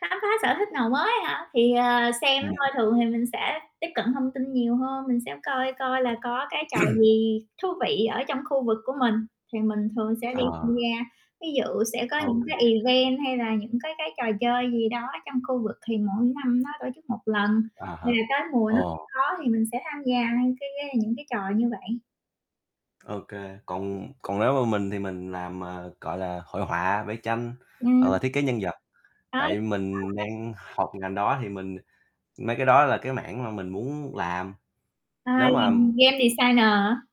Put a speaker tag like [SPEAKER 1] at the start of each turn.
[SPEAKER 1] Khám phá sở thích nào mới á hả? Thì, à, xem thôi,
[SPEAKER 2] Ừm.
[SPEAKER 1] thường thì mình sẽ tiếp cận thông tin nhiều hơn, mình sẽ coi coi là có cái trò gì thú vị ở trong khu vực của mình, thì mình thường sẽ đi tham
[SPEAKER 2] Ờ.
[SPEAKER 1] gia, ví dụ sẽ có
[SPEAKER 2] Ô
[SPEAKER 1] những
[SPEAKER 2] kê.
[SPEAKER 1] cái event hay là những cái cái trò chơi gì đó trong khu vực thì mỗi năm nó tổ chức một lần,
[SPEAKER 2] À hả,
[SPEAKER 1] là tới mùa nó sẽ
[SPEAKER 2] ồ.
[SPEAKER 1] có thì mình sẽ tham gia cái cái những cái trò như vậy.
[SPEAKER 2] Ô kê, còn còn nếu mà mình thì mình làm, à, gọi là, hội họa, vẽ tranh hoặc là
[SPEAKER 1] Ừm.
[SPEAKER 2] thiết kế nhân vật,
[SPEAKER 1] Ai
[SPEAKER 2] tại
[SPEAKER 1] cũng
[SPEAKER 2] mình
[SPEAKER 1] [unintelligible]
[SPEAKER 2] đang học ngành đó thì mình mấy cái đó là cái mảng mà mình muốn làm.
[SPEAKER 1] À,
[SPEAKER 2] Nếu mà
[SPEAKER 1] ngành game designer hả?